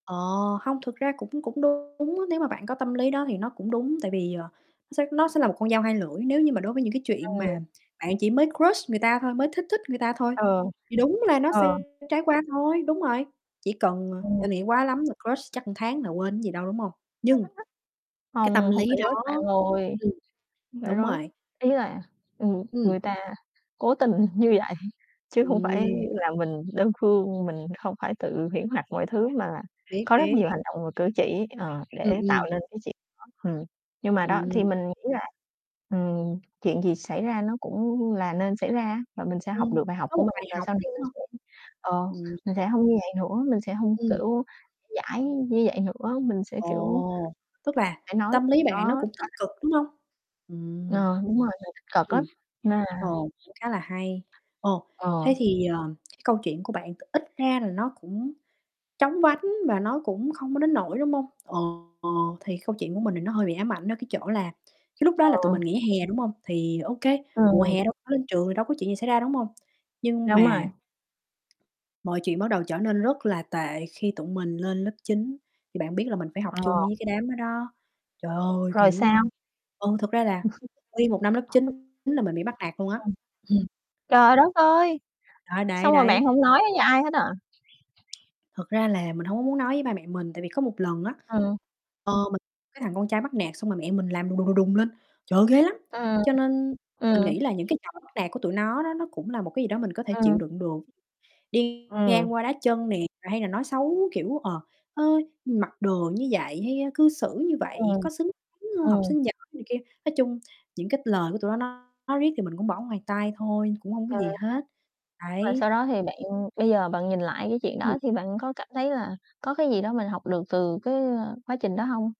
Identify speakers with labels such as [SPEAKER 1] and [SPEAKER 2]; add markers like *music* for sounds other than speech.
[SPEAKER 1] Ờ, hông, thực ra cũng cũng đúng. Nếu mà bạn có tâm lý đó thì nó cũng đúng. Tại vì, ờ, sẽ nó sẽ nó sẽ là một con dao hai lưỡi, nếu như mà đối với những cái chuyện mà
[SPEAKER 2] Ờ.
[SPEAKER 1] bạn chỉ mới crush người ta thôi, mới thích thích người ta thôi,
[SPEAKER 2] Ờ.
[SPEAKER 1] thì đúng là nó
[SPEAKER 2] Ờ.
[SPEAKER 1] sẽ trải qua thôi. Đúng rồi. Chỉ cần,
[SPEAKER 2] Ừm.
[SPEAKER 1] ờ, nghĩ quá lắm là crush chắc tháng là quên chứ gì đâu, đúng hông?
[SPEAKER 2] Hơi
[SPEAKER 1] Nhưng
[SPEAKER 2] thích thích.
[SPEAKER 1] cái tâm
[SPEAKER 2] Hông, hông
[SPEAKER 1] lý
[SPEAKER 2] phải crush
[SPEAKER 1] đó
[SPEAKER 2] bạn ơi,
[SPEAKER 1] ừm,
[SPEAKER 2] hông phải
[SPEAKER 1] đúng
[SPEAKER 2] crush.
[SPEAKER 1] rồi.
[SPEAKER 2] Ý là, ừm, người
[SPEAKER 1] Ừm.
[SPEAKER 2] người ta cố tình như vậy, chứ hông phải
[SPEAKER 1] Ừm.
[SPEAKER 2] là mình đơn phương, mình hông phải tự huyễn hoặc mọi thứ, mà
[SPEAKER 1] Biết,
[SPEAKER 2] có rất
[SPEAKER 1] biết.
[SPEAKER 2] nhiều hành động và cử chỉ, ờ,
[SPEAKER 1] Ừm,
[SPEAKER 2] để tạo
[SPEAKER 1] ừm.
[SPEAKER 2] nên cái chuyện đó. Ừm, nhưng mà đó,
[SPEAKER 1] Ừm.
[SPEAKER 2] thì mình nghĩ là, ừm, chuyện gì xảy ra nó cũng là nên xảy ra, và mình sẽ học
[SPEAKER 1] Ừm,
[SPEAKER 2] được bài học
[SPEAKER 1] có
[SPEAKER 2] của
[SPEAKER 1] một
[SPEAKER 2] mình,
[SPEAKER 1] bài
[SPEAKER 2] và
[SPEAKER 1] học,
[SPEAKER 2] sau này mình
[SPEAKER 1] đúng hông?
[SPEAKER 2] sẽ ờ,
[SPEAKER 1] Ừm.
[SPEAKER 2] mình sẽ hông như vậy nữa. Mình sẽ hông,
[SPEAKER 1] Ừm.
[SPEAKER 2] kiểu, dãi như vậy nữa, mình sẽ, kiểu
[SPEAKER 1] Ồ, tức là
[SPEAKER 2] phải nói
[SPEAKER 1] tâm
[SPEAKER 2] gì
[SPEAKER 1] lý bạn này
[SPEAKER 2] đó rõ
[SPEAKER 1] nó cũng tích
[SPEAKER 2] ràng.
[SPEAKER 1] cực, đúng hông? Ừm.
[SPEAKER 2] Ờ, đúng rồi, mình tích cực lắm,
[SPEAKER 1] Ừm.
[SPEAKER 2] nên là
[SPEAKER 1] Ồ, cũng khá là hay. Ồ,
[SPEAKER 2] ờ.
[SPEAKER 1] thế thì, ờ, câu chuyện của bạn t ít ra là nó cũng chóng vánh và nó cũng không có đến nỗi, đúng hông? Ờ, thì câu chuyện của mình thì nó hơi bị ám ảnh ở cái chỗ là, cái lúc đó là tụi
[SPEAKER 2] Ờ.
[SPEAKER 1] mình nghỉ hè, đúng hông? Thì OK, mùa
[SPEAKER 2] Ừm.
[SPEAKER 1] hè đâu có lên trường thì đâu có chuyện gì xảy ra, đúng hông? Nhưng
[SPEAKER 2] Đúng rồi.
[SPEAKER 1] mà mọi chuyện bắt đầu trở nên rất là tệ khi tụi mình lên lớp 9. Thì bạn biết là mình phải học
[SPEAKER 2] Ờ.
[SPEAKER 1] chung với cái đám đó đó. Trời ơi,
[SPEAKER 2] Rồi
[SPEAKER 1] kiểu, ơ,
[SPEAKER 2] sao?
[SPEAKER 1] ừ, thực ra là
[SPEAKER 2] *chuckles*
[SPEAKER 1] nguyên 1 năm lớp
[SPEAKER 2] *unintelligible*
[SPEAKER 1] 9 là mình bị bắt nạt luôn á. Ừm.
[SPEAKER 2] *unintelligible* Trời đất ơi,
[SPEAKER 1] Đó, đấy,
[SPEAKER 2] xong rồi
[SPEAKER 1] đấy.
[SPEAKER 2] bạn hông nói với ai hết à?
[SPEAKER 1] Thật ra là mình hông có muốn nói với ba mẹ mình. Tại vì có một lần á,
[SPEAKER 2] Ờ.
[SPEAKER 1] ờ, mình cái thằng con trai bắt nạt xong rồi mẹ mình làm đùng, đùng, đùng lên. Trời ơi, ghê lắm.
[SPEAKER 2] Ừm,
[SPEAKER 1] Cho nên mình
[SPEAKER 2] ừm.
[SPEAKER 1] nghĩ là những cái trò bắt nạt của tụi nó đó, nó cũng là một cái gì đó mình có thể chịu
[SPEAKER 2] Ừm.
[SPEAKER 1] đựng được. Đi
[SPEAKER 2] Ừm.
[SPEAKER 1] ngang qua đá chân nè, rồi hay là nói xấu, kiểu, ờ, ơ, "Mặc đồ như vậy hay cư xử như vậy,
[SPEAKER 2] Ừm,
[SPEAKER 1] có xứng đáng học
[SPEAKER 2] ừm.
[SPEAKER 1] sinh giỏi?" này kia. Nói chung những cái lời của tụi nó nói riết thì mình cũng bỏ ngoài tai thôi, cũng hông có gì
[SPEAKER 2] *unintelligible*
[SPEAKER 1] hết,
[SPEAKER 2] Và
[SPEAKER 1] đấy.
[SPEAKER 2] sau đó thì bạn bây giờ bạn nhìn lại cái chuyện
[SPEAKER 1] Ừm.
[SPEAKER 2] đó thì bạn có cảm thấy là có cái gì đó mình học được từ cái quá trình đó hông?